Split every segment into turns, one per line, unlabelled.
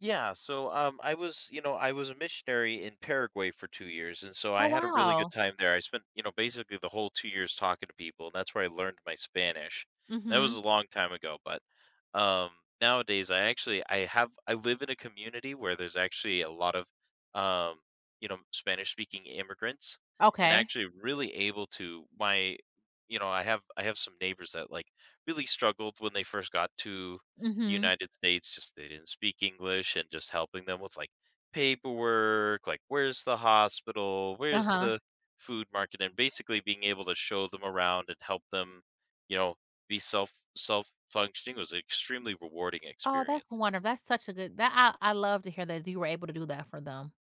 Yeah so, um, I was you know, I was a missionary in Paraguay for 2 years and so
Oh,
I had a really good
wow!
time there. I spent, you know, basically the whole 2 years talking to people and that's where I learned my Spanish. That was
Mhm.
a long time ago, but, um, nowadays I actually I have I live in a community where there's actually a lot of, um, you know, Spanish-speaking immigrants, and
Okay.
actually really able to my, you know, I have I have some neighbors that, like, really struggled when they first got to
Mhm.
United States, just they didn't speak English and just helping them with, like, paperwork, like, where's the hospital, where's
Uh-huh.
the food market, and basically being able to show them around and help them, you know, be self self-functioning. Was extremely rewarding
Oh, that's
experience.
wonder that's such a good that I I love to hear that you were able to do that for them.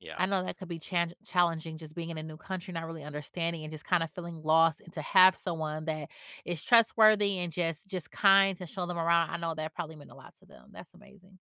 Yeah.
I know that could be challenge challenging just being in a new country, not really understanding and just kinda feeling lost, and to have someone that is trustworthy and just just kind to show them around, I know that probably meant a lot to them. That's amazing.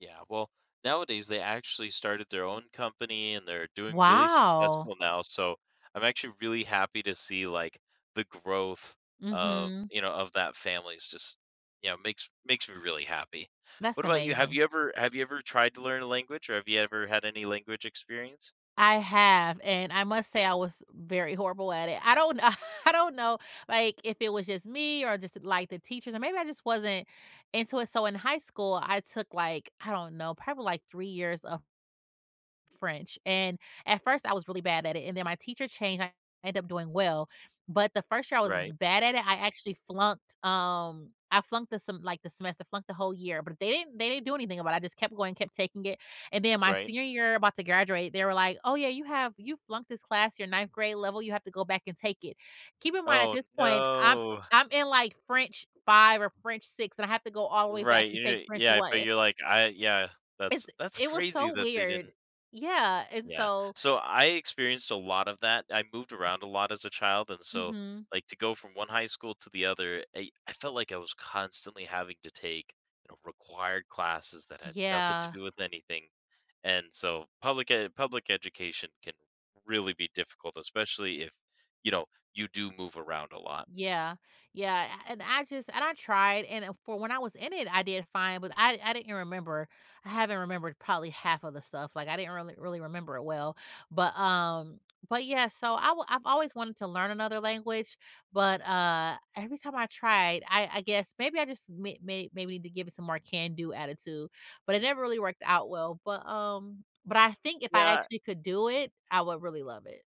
Yeah. Well, nowadays they actually started their own company and they're doing really
Wow!
successful now, so I'm actually really happy to see, like, the growth of
Mhm.
you know, of that family is just you know, makes makes me really happy.
That's
What about you? Have
amazing.
you ever have you ever tried to learn a language or have you ever had any language experience?
I have, and I must say I was very horrible at it. I don't I don't know, like, if it was just me or just, like, the teachers, or maybe I just wasn't into it, so in high school, I took, like, I don't know, probably, like, 3 years of French, and at first I was really bad at it, and then my teacher changed, I ended up doing well, but the first year I was
Right.
bad at it, I actually flunked um, I flunked the sem like, the semester I flunked the whole year, but they didn't they didn't do anything about it. I just kept going kept taking it, and then my
Right.
senior year about to graduate, they were, like, "Oh yeah, you have you flunked this class your 9th grade level, you have to go back and take it." Keep in mind at
Oh,
this point, I'm
no!
I'm in, like, French 5 or French 6, and I have to go all the way back
Right,
and
yeah
take French
yeah, but
1.
you're, like, I yeah,
It's
that's that's
it was
crazy
so
that they
weird.
didn't.
Yeah, and
Yeah,
so
so I experienced a lot of that. I moved around a lot as a child and so,
Mhm.
like, to go from one high school to the other, I I felt like I was constantly having to take, you know, required classes that had nothing to
Yeah.
do with anything, and so public ed public education can really be difficult, especially if, you know, you do move around a lot.
Yeah. Yeah, and I just and I tried, and for when I was in it, I did fine, but I I didn't remember I haven't remembered probably half of the stuff, like, I didn't really really remember it well, but, um, but, yeah, so I I've always wanted to learn another language, but, uh, every time I tried I I guess, maybe I just ma ma maybe need to give it some more can-do attitude, but it never really worked out well, but, um, but I think if I
Yeah.
actually could do it, I would really love it.